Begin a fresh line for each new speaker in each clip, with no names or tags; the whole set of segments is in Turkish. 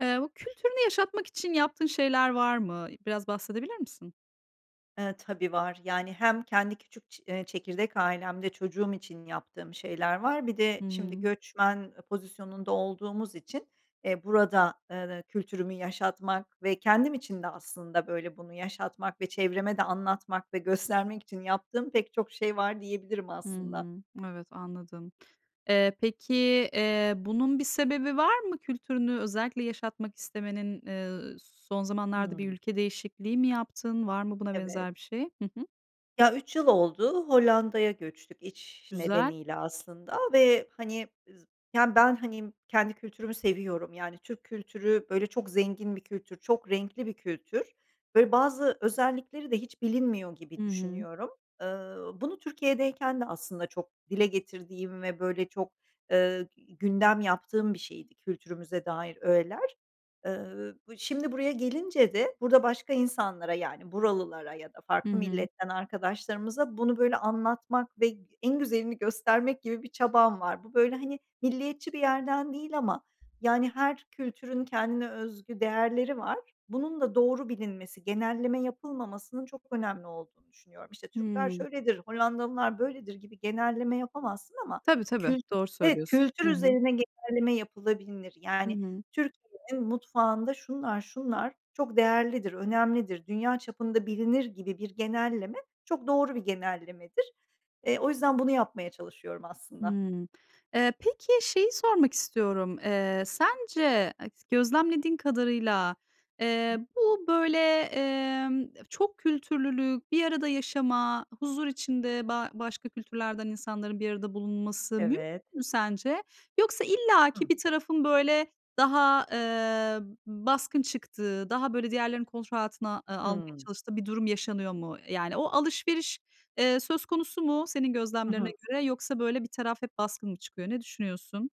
Eee, bu kültürünü yaşatmak için yaptığın şeyler var mı? İ biraz bahsedebilir misin?
Eee, tabii, var. Yani, hem kendi küçük ç eee, çekirdek ailemde çocuğum için yaptığım şeyler var. Bir
Hı
de şimdi
hı.
göçmen pozisyonunda olduğumuz için, eee, burada, eee, ııı, kültürümü yaşatmak ve kendim için de aslında, böyle, bunu yaşatmak ve çevreme de anlatmak ve göstermek için yaptığım pek çok şey var, diyebilirim
Hı
aslında.
hı. Evet, anladım. Eee, peki, eee, bunun bir sebebi var mı, kültürünü özellikle yaşatmak istemenin? Iıı, s son zamanlarda bir
Hıı.
ülke değişikliği mi yaptın? Var mı buna
Evet.
benzer bir şey? Hı hı.
Ya, 3 yıl oldu Hollanda'ya göçtük, iş
Güzel.
nedeniyle aslında ve, hani, z Yani, ben, hani, kendi kültürümü seviyorum. Yani, Türk kültürü, böyle, çok zengin bir kültür, çok renkli bir kültür. Böyle, bazı özellikleri de hiç bilinmiyor
Hı
gibi
hı.
düşünüyorum. Iıı, bunu Türkiye'deyken de aslında çok dile getirdiğim ve, böyle, çok, ııı, i gündem yaptığım bir şeydi kültürümüze dair ögeler. Iıı, b bu şimdi buraya gelince de burada başka insanlara, yani, buralılara ya da
Hı
farklı
hı.
milletten arkadaşlarımıza bunu, böyle, anlatmak ve g en güzelini göstermek gibi bir çabam var. Bu, böyle, hani, milliyetçi bir yerden değil ama, yani, her kültürün kendine özgü değerleri var. Bunun da doğru bilinmesi, genelleme yapılmamasının çok önemli olduğunu düşünüyorum. İşte, "Türkler
Hıı.
şöyledir, Hollandalılar böyledir." gibi genelleme yapamazsın ama
Tabii, tabii.
kült
Doğru
Evet,
söylüyorsun.
kültür
Hı hı.
üzerine genelleme yapılabilinir.
Hı
Yani,
hı.
Türkiye'nin mutfağında şunlar şunlar çok değerlidir, önemlidir, dünya çapında bilinir gibi bir genelleme çok doğru bir genellemedir. Eee, o yüzden bunu yapmaya çalışıyorum aslında.
Hımm. Eee, peki, şeyi sormak istiyorum. Eee, sence eks gözlemlediğin kadarıyla,
[unintelligible]
eee, bu, böyle, emm, [unintelligible] çok kültürlülük, bir arada yaşama, huzur içinde ba başka kültürlerden insanların bir arada bulunması mümkün
Evet.
mü sence? Yoksa illaki
Hı.
bir tarafın, böyle, daha, eee, b baskın çıktığı, daha, böyle, diğerlerini kontrol altına a almaya
Hıı.
çalıştığı bir durum yaşanıyor mu? Yani o alışveriş, eee, söz konusu mu senin
I
gözlemlerine
hı.
göre yoksa, böyle, bir taraf hep baskın mı çıkıyor? Ne düşünüyorsun?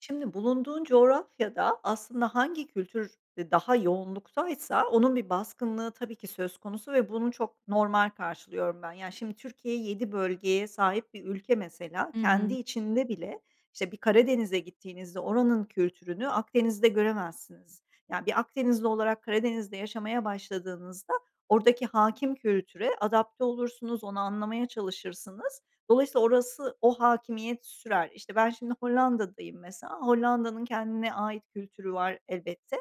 Şimdi bulunduğun coğrafyada aslında hangi kültür, eee, daha yoğunluktaysa onun bir baskınlığı tabii ki söz konusu ve bunu çok normal karşılıyorum ben. Ya, şimdi Türkiye 7 bölgeye sahip bir ülke mesela
Hı
kendi
hı.
içinde bile, işte, bir, Karadeniz’e gittiğinizde oranın kültürünü Akdeniz’de göremezsiniz. Ya, bir Akdenizli olarak Karadeniz’de yaşamaya başladığınızda oradaki hâkim kültüre adapte olursunuz, onu anlamaya çalışırsınız. Dolayısıyla orası, o hâkimiyet sürer. İşte, ben şimdi Hollanda’dayım mesela, Hollanda’nın kendine ait kültürü var elbette.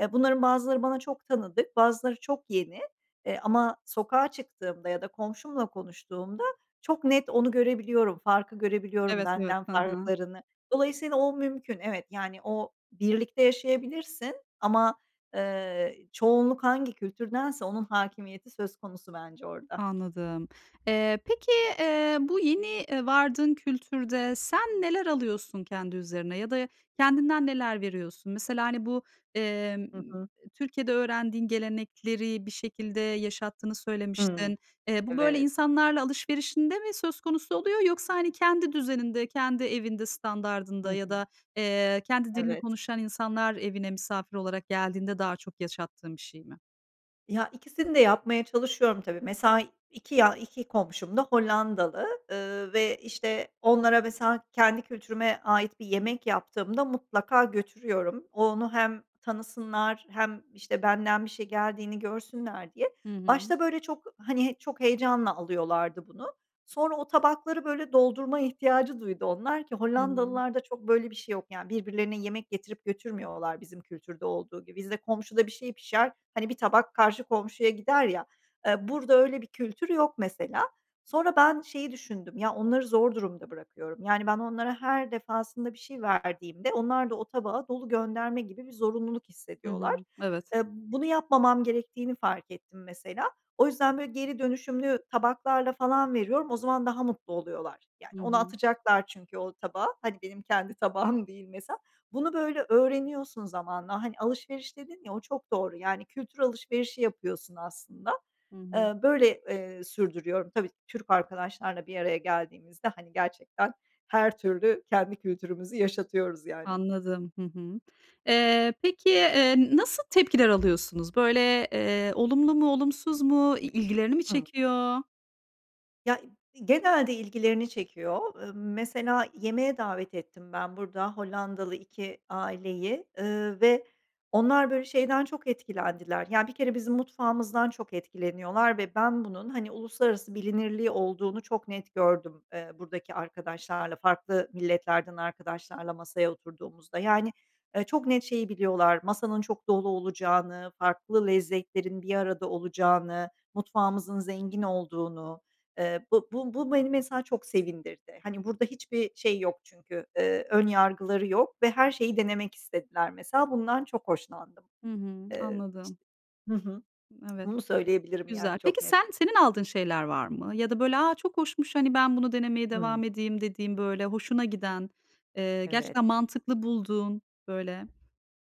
E, bunların bazıları bana çok tanıdık, bazıları çok yeni, eee, ama sokağa çıktığımda ya da komşumla konuştuğumda, çok net onu görebiliyorum, farkı görebiliyorum,
Evet, evet.
benden
Ha ha.
farklarını. Dolayısıyla o mümkün, evet, yani o birlikte yaşayabilirsin ama, eee, çoğunluk hangi kültürdense onun hâkimiyeti söz konusu bence orada.
Anladım. Eee, peki, eee, bu yeni, eee, vardığın kültürde sen neler alıyorsun kendi üzerine ya da kendinden neler veriyorsun? Mesela, hani, bu, emm,
Hı
eee,
hı.
Türkiye'de öğrendiğin gelenekleri bir şekilde yaşattığını
Hımm,
söylemiştin. Eee, bu, böyle,
evet.
insanlarla alışverişinde mi söz konusu oluyor yoksa, hani, kendi düzeninde, kendi evinde
Hı
standardında ya
hı.
da, eee, kendi dilini
Evet.
konuşan insanlar evine misafir olarak geldiğinde daha çok yaşattığın bir şey mi?
Ya, ikisini de yapmaya çalışıyorum tabii. Mesela 2, ya, 2 komşum da Hollandalı, ııı, ve, işte, onlara mesela kendi kültürüme ait bir yemek yaptığımda mutlaka götürüyorum. O onu hem tanısınlar hem, işte, benden bir şey geldiğini görsünler diye.
Hı hı.
Başta, böyle, çok, hani, çok heyecanla alıyorlardı bunu. Sonra o tabakları, böyle, doldurma ihtiyacı duydu onlar ki
Hımm.
Hollandalılar da çok, böyle, bir şey yok, yani, birbirlerine yemek getirip götürmüyorlar bizim kültürde olduğu gibi. Bizde komşuda bir şey pişer, hani, bir tabak karşı komşuya gider ya, eee, burada öyle bir kültür yok mesela. Sonra ben şeyi düşündüm: Ya, onları zor durumda bırakıyorum. Yani, ben onlara her defasında bir şey verdiğimde onlar da o tabağı dolu gönderme gibi bir zorunluluk
Hı
hissediyorlar.
hı. Evet.
Eee, bunu yapmamam gerektiğini fark ettim mesela. O yüzden, böyle, geri dönüşümlü tabaklarla falan veriyorum, o zaman daha mutlu oluyorlar. Yani,
Hı
onu
hı.
atacaklar çünkü o tabağı, hadi benim kendi tabağım değil mesela. Bunu, böyle, öğreniyorsun zamanla. Hani, alışveriş dedin ya, o çok doğru, yani, kültür alışverişi yapıyorsun aslında.
Hı hı.
Iıı, böyle, eee, sürdürüyorum. Tabii, Türk arkadaşlarla bir araya geldiğimizde, hani, gerçekten her türlü kendi kültürümüzü yaşatıyoruz yani.
Anladım. Hı hı. Eee, peki, eee, n nasıl tepkiler alıyorsunuz? Böyle, eee, olumlu mu olumsuz mu i ilgilerini mi
Hımm.
çekiyor?
Ya, i genelde ilgilerini çekiyor. Imm, mesela, yemeğe davet ettim ben burada Hollandalı iki aileyi, ııı, ve onlar böyle şeyden çok etkilendiler. Yani, bir kere bizim mutfağımızdan çok etkileniyorlar ve ben bunun, hani, uluslararası bilinirliği olduğunu çok net gördüm, eee, buradaki arkadaşlarla, farklı milletlerden arkadaşlarla masaya oturduğumuzda. Yani, ııı, çok net şeyi biliyorlar: Masanın çok dolu olacağını, farklı lezzetlerin bir arada olacağını, mutfağımızın zengin olduğunu. Eee, bu bu bu beni, mesela, çok sevindirdi. Hani, burada hiçbir şey yok çünkü, ııı, ön yargıları yok ve her şeyi denemek istediler, mesela. Bundan çok hoşlandım.
Hı hı,
Eee, işte,
anladım.
hı hı.
Evet,
Bunu söyleyebilirim, yani,
güzel.
çok
Peki,
net.
sen senin aldığın şeyler var mı? Ya da böyle, “Aa, çok hoşmuş, hani, ben bunu denemeye
Hımm.
devam edeyim.” dediğin, böyle, hoşuna giden, eee,
Evet.
gerçekten mantıklı bulduğun, böyle?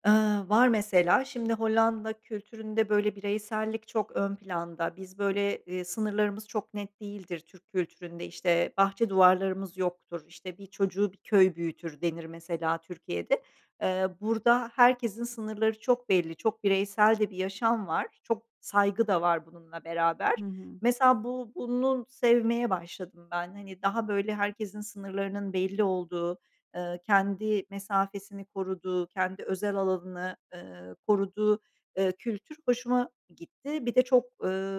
Iıı, var. Mesela, şimdi, Hollanda kültüründe böyle bireysellik çok ön planda. Biz böyle, iii, sınırlarımız çok net değildir Türk kültüründe. İşte, bahçe duvarlarımız yoktur, işte, “Bir çocuğu bir köy büyütür.” denir, mesela, Türkiye'de. Eee, burada herkesin sınırları çok belli, çok bireysel de bir yaşam var, çok saygı da var bununla beraber.
Hı hı.
Mesela, bu bunu sevmeye başladım ben. Hani, daha böyle herkesin sınırlarının belli olduğu, ııı, kendi mesafesini koruduğu, kendi özel alanını, ııı, koruduğu, eee, kültür hoşuma gitti. Bir de çok,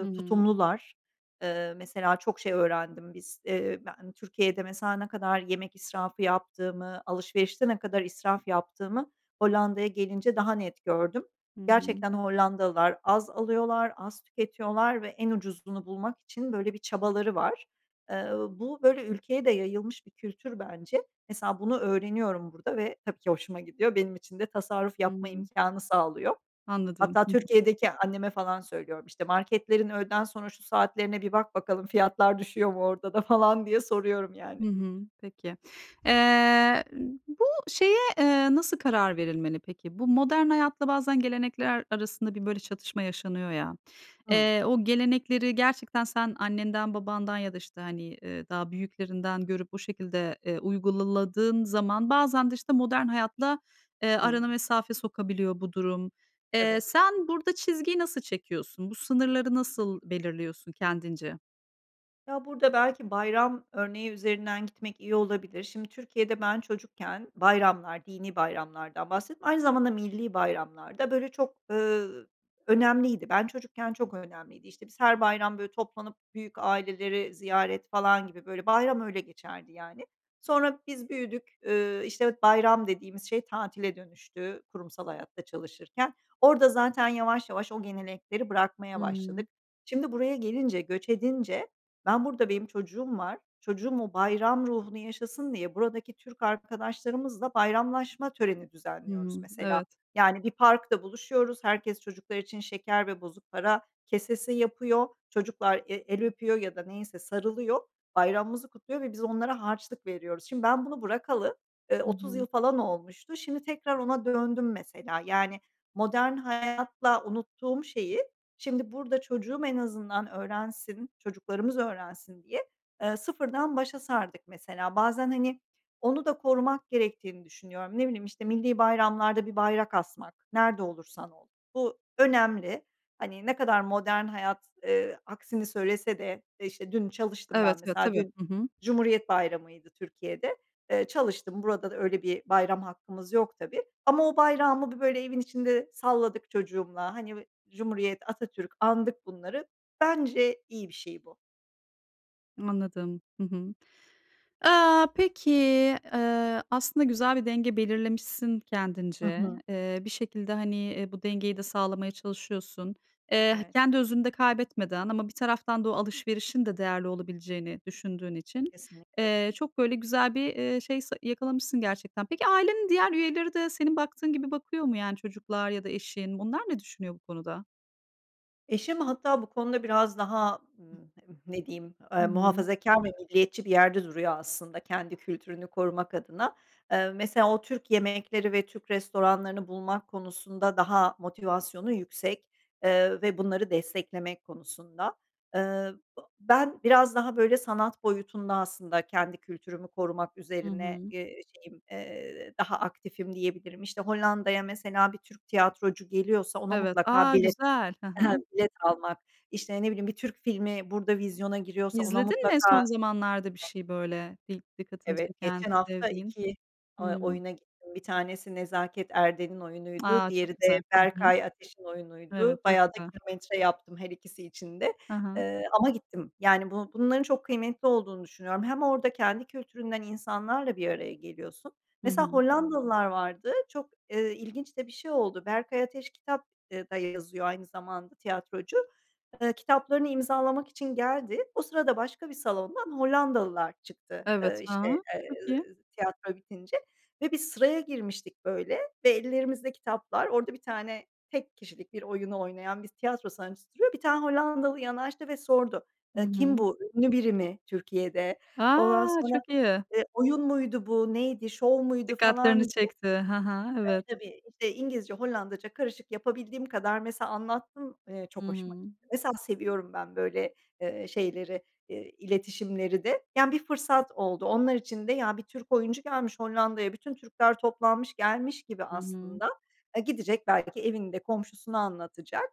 Hı hı.
tutumlular. Iıı, mesela, çok şey öğrendim. Biz, eee, ben Türkiye'de, mesela, ne kadar yemek israfı yaptığımı, alışverişte ne kadar israf yaptığımı Hollanda'ya gelince daha net gördüm.
Hı hı.
Gerçekten Hollandalılar az alıyorlar, az tüketiyorlar ve en ucuzunu bulmak için böyle bir çabaları var. Eee, uuu, bu, böyle ülkeye de yayılmış bir kültür bence. Mesela, bunu öğreniyorum burada ve tabii ki hoşuma gidiyor. Benim için de tasarruf
Hı
yapma
hı.
imkânı sağlıyor.
Anladım,
Hatta
hı hı.
Türkiye'deki anneme falan söylüyorum, işte, “Marketlerin öğleden sonra şu saatlerine bir bak bakalım, fiyatlar düşüyor mu orada da?” falan diye soruyorum, yani.
Hı hımm, peki. Eee, bu şeye, eee, nasıl karar verilmeli peki? Bu modern hayatla bazen gelenekler arasında bir, böyle, çatışma yaşanıyor ya.
Hımm.
Eee, o gelenekleri gerçekten sen annenden, babandan ya da, işte, hani, ııı, daha büyüklerinden görüp o şekilde, eee, uygula ladığın zaman, bazen de, işte, modern hayatla, eee, arana
Hıı.
mesafe sokabiliyor bu durum. Eee,
Evet.
sen burada çizgiyi nasıl çekiyorsun? Bu sınırları nasıl belirliyorsun kendince?
Ya, burada belki bayram örneği üzerinden gitmek iyi olabilir. Şimdi, Türkiye'de ben çocukken bayramlar, dinî bayramlardan bahsettim, aynı zamanda millî bayramlar da, böyle, çok, ııı, önemliydi. Ben çocukken çok önemliydi, işte, biz her bayram, böyle, toplanıp, büyük aileleri ziyaret falan gibi, böyle, bayram öyle geçerdi, yani. Sonra biz büyüdük, ııı, işte bayram dediğimiz şey tatile dönüştü kurumsal hayatta çalışırken. Orada zaten yavaş yavaş o gelenekleri bırakmaya
Hımm.
başladık. Şimdi, buraya gelince, göç edince ben burada benim çocuğum var, çocuğum o bayram ruhunu yaşasın diye, buradaki Türk arkadaşlarımızla bayramlaşma töreni
Hı
düzenliyoruz
hı,
mesela.
evet.
Yani, bir parkta buluşuyoruz, herkes çocuklar için şeker ve bozuk para kesesi yapıyor, çocuklar e el öpüyor ya da neyse sarılıyor, bayramımızı kutluyor ve biz onlara harçlık veriyoruz. Şimdi ben bunu bırakalı, ııı,
Hı
30
hı.
yıl falan olmuştu. Şimdi tekrar ona döndüm mesela. Yani, modern hayatla unuttuğum şeyi, şimdi burada çocuğum en azından öğrensin, çocuklarımız öğrensin diye, ııı, sıfırdan başa sardık mesela. Bazen, hani, onu da korumak gerektiğini düşünüyorum. Ne bileyim işte millî bayramlarda bir bayrak asmak, nerede olursan ol. Bu önemli. Hani, ne kadar modern hayat, eee, aksini söylese de, e işte dün çalıştım ben
Evet, ya
mesela,
tabii,
dün
hı hı.
Cumhuriyet Bayramı'ydı Türkiye'de. Eee, çalıştım burada öyle bir bayram hakkımız yok tabii ama o bayrağımı bir, böyle, evin içinde salladık çocuğumla, hani, eee, Cumhuriyet, Atatürk andık bunları. Bence iyi bir şey bu.
Anladım, hı hı. Aaa, peki, eee, aslında güzel bir denge belirlemişsin
Hı
kendince,
hı.
eee, bir şekilde, hani, eee, bu dengeyi de sağlamaya çalışıyorsun. Eee,
Evet.
kendi özünü de kaybetmeden ama bir taraftan da o alışverişin de değerli olabileceğini düşündüğün için,
Kesinlikle.
eee, çok, böyle, güzel bir, eee, şey se yakalamışsın gerçekten. Peki ailenin diğer üyeleri de senin baktığın gibi bakıyor mu, yani, çocuklar ya da eşin? Onlar ne düşünüyor bu konuda?
Eşim hatta bu konuda biraz daha, ımm, ne diyeyim,
Hı
eee,
hı.
muhafazakar ve milliyetçi bir yerde duruyor aslında kendi kültürünü korumak adına. Eee, mesela o Türk yemekleri ve Türk restoranlarını bulmak konusunda daha motivasyonu yüksek, eee, ve bunları desteklemek konusunda. Eee, bı ben biraz daha, böyle, sanat boyutunda aslında kendi kültürümü korumak
Hı
üzerine,
hı.
eee, şeyim, eee, daha aktifim diyebilirim. İşte, Hollanda'ya mesela bir Türk tiyatrocu geliyorsa ona
Evet.
mutlaka
A!
bilet,
güzel. Hı
eee,
hı.
bilet almak, işte, ne bileyim bir Türk filmi burada vizyona giriyorsa ona
İzledin mi
mutlaka.
son zamanlarda bir
[unintelligible]
şey, böyle, dik dikkatini
Evet,
çeken,
geçen hafta
sevdiğin?
2 eee,
Hımm.
oyuna gittim. Bir tanesi Nezaket Erden'in oyunuydu,
A!
diğeri
Çok güzel.
de
Hı hı.
Berkay Ateş'in
Evet,
oyunuydu.
çok
Bayağı da
güzel.
kilometre yaptım her ikisi için de.
Hı hı.
Eee, ama gittim, yani, bu bunların çok kıymetli olduğunu düşünüyorum. Hem orada kendi kültüründen insanlarla bir araya geliyorsun
Hı
Mesela
hı.
Hollandalılar vardı, çok, eee, ilginç de bir şey oldu. Berkay Ateş kitap da yazıyor aynı zamanda tiyatrocu. Eee, kitaplarını imzalamak için geldi. O sırada başka bir salondan Hollandalılar çıktı, eee,
Evet, hı
işte,
hı,
eee,
çok iyi.
tiyatro bitince ve biz sıraya girmiştik, böyle, ve ellerimizde kitaplar, orada bir tane tek kişilik bir oyunu oynayan bir tiyatro sanatçısı duruyor. Bir tane Hollandalı yanaştı ve sordu,
Hı
eee, kim
hı.
bu, ünlü biri mi Türkiye'de? Ondan
A!
sonra,
Çok iyi.
eee, oyun muydu bu, neydi, şov muydu falan
Dikkatlerini
diye.
çekti. Hı hı, evet.
Tabii, tabii İngilizce Hollandaca karışık yapabildiğim kadar mesela anlattım, eee,
Hı
çok hoşuma
hı.
gitti. Mesela seviyorum ben, böyle, eee, şeyleri, eee, iletişimleri de. Yani, bir fırsat oldu. Onlar için de, ya, bir Türk oyuncu gelmiş Hollanda'ya, bütün Türkler toplanmış gelmiş gibi
Hı hı.
aslında, eee, gidecek belki evini de, komşusunu anlatacak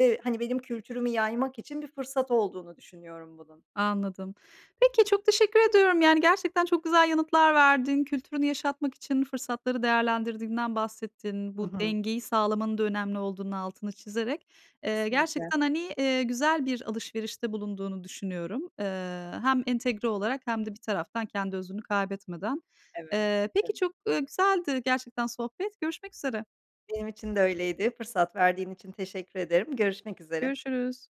ve, hani, benim kültürümü yaymak için bir fırsat olduğunu düşünüyorum bunun.
Anladım. Peki çok teşekkür ediyorum, yani, gerçekten çok güzel yanıtlar verdin. Kültürünü yaşatmak için fırsatları değerlendirdiğinden bahsettin.
Hı
Bu
hı.
dengeyi sağlamanın da önemli olduğunun altını çizerek. Eee,
Kesinlikle.
gerçekten, hani, eee, güzel bir alışverişte bulunduğunu düşünüyorum. Eee, hem entegre olarak hem de bir taraftan kendi özünü kaybetmeden.
Evet,
Eee, peki
[unintelligible]
çok, eee, güzeldi gerçekten sohbet. Görüşmek üzere.
Benim için de öyleydi fırsat verdiğin için teşekkür ederim görüşmek üzere.
Görüşürüz.